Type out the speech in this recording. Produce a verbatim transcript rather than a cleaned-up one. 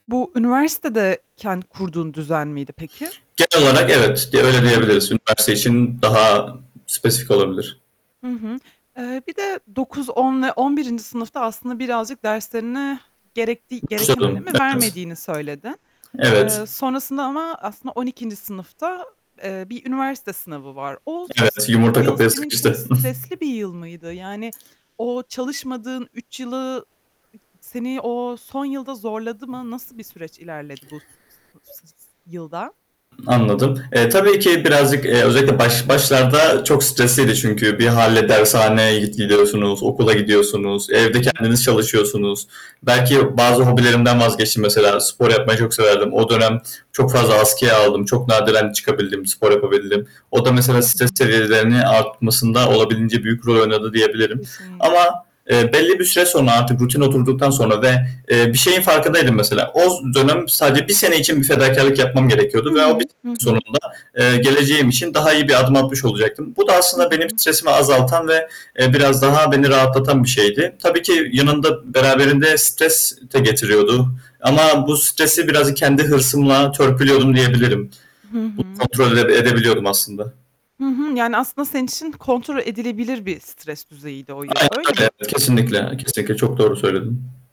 Bu, üniversitede kendi kurduğun düzen miydi peki? Genel olarak evet. Ge öyle Hı diyebiliriz. hı. Üniversite Hı için hı. daha spesifik olabilir. Hı hı. Eee, bir de dokuz on ve on birinci sınıfta aslında birazcık derslerine gerektiği gereken önemi [unintelligible] Evet. vermediğini söyledin. Eee, Evet. sonrasında ama aslında, on ikinci sınıfta, eee, bir üniversite sınavı var. O Evet. Yumurta yıl kapıya senin için sıkıştı. stresli bir yıl mıydı? Yani, o çalışmadığın üç yılı, seni o son yılda zorladı mı? Nasıl bir süreç ilerledi bu s s yılda? Anladım. Eee, tabii ki birazcık, eee, özellikle baş başlarda çok stresliydi. Çünkü bir hâle dershaneye git gidiyorsunuz, okula gidiyorsunuz, Hı evde hı. kendiniz çalışıyorsunuz. Belki bazı hobilerimden vazgeçtim mesela. Spor yapmayı Hımm. çok severdim. O dönem çok fazla askıya aldım. Çok nadiren çıkabildim, spor yapabildim. O da Hı mesela stres hı. seviyelerinin artmasında olabildiğince büyük rol oynadı diyebilirim Kesinlikle. ama, eee, belli bir süre sonra artık rutin oturduktan sonra ve, eee, bir şeyin farkındaydım mesela. O dönem sadece bir sene için bir fedakârlık yapmam I gerekiyordu ve o hı. bir sene Hı hı. sonunda, eee, geleceğim için daha iyi bir adım atmış olacaktım. Bu da Hı aslında benim hı. stresimi azaltan ve, eee, biraz daha beni rahatlatan bir şeydi. Tabii ki yanında beraberinde stres de getiriyordu ama bu stresi biraz kendi hırsımla törpülüyordum, diyebilirim. Hı Bunu hı. kontrol ede edebiliyordum aslında. Hı hı. Yani, aslında senin için kontrol edilebilir bir stres düzeyiydi o yıl, Aynen öyle mi? öyle. Hı hı. Kesinlikle kesinlikle çok doğru söyledin.